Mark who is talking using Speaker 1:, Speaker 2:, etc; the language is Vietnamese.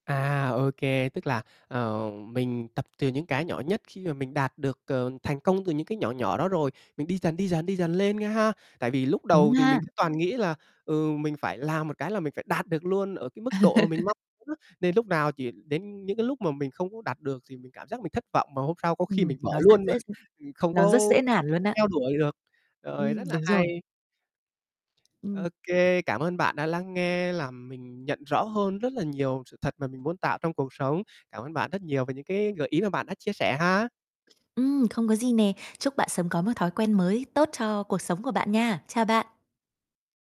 Speaker 1: À, ô kê, tức là, ờ, mình tập từ những cái nhỏ nhất. Khi mà mình đạt được, ờ, thành công từ những cái nhỏ nhỏ đó rồi, mình đi dần, đi dần, đi dần lên nghe ha. Tại vì lúc
Speaker 2: Đúng
Speaker 1: đầu thì
Speaker 2: ha.
Speaker 1: mình toàn nghĩ là, ừ, mình phải làm một cái là mình phải đạt được luôn ở cái mức độ mà mình mong muốn á nên lúc nào chỉ đến những cái lúc mà mình không có đạt được thì mình cảm giác mình thất vọng, mà hôm sau có khi
Speaker 2: Ừm,
Speaker 1: mình bỏ
Speaker 2: nó rất
Speaker 1: luôn mà,
Speaker 2: dễ
Speaker 1: mình không
Speaker 2: nó rất
Speaker 1: có
Speaker 2: dễ nản luôn á.
Speaker 1: theo đuổi được. Rồi,
Speaker 2: Ừm,
Speaker 1: rất là
Speaker 2: đúng rồi.
Speaker 1: hay.
Speaker 2: Ừm.
Speaker 1: Ô kê, cảm ơn bạn đã lắng nghe, làm mình nhận rõ hơn rất là nhiều sự thật mà mình muốn tạo trong cuộc sống. Cảm ơn bạn rất nhiều về những cái gợi ý mà bạn đã chia sẻ ha.
Speaker 2: Ừm, không có gì nè, chúc bạn sớm có một thói quen mới tốt cho cuộc sống của bạn nha. Chào bạn.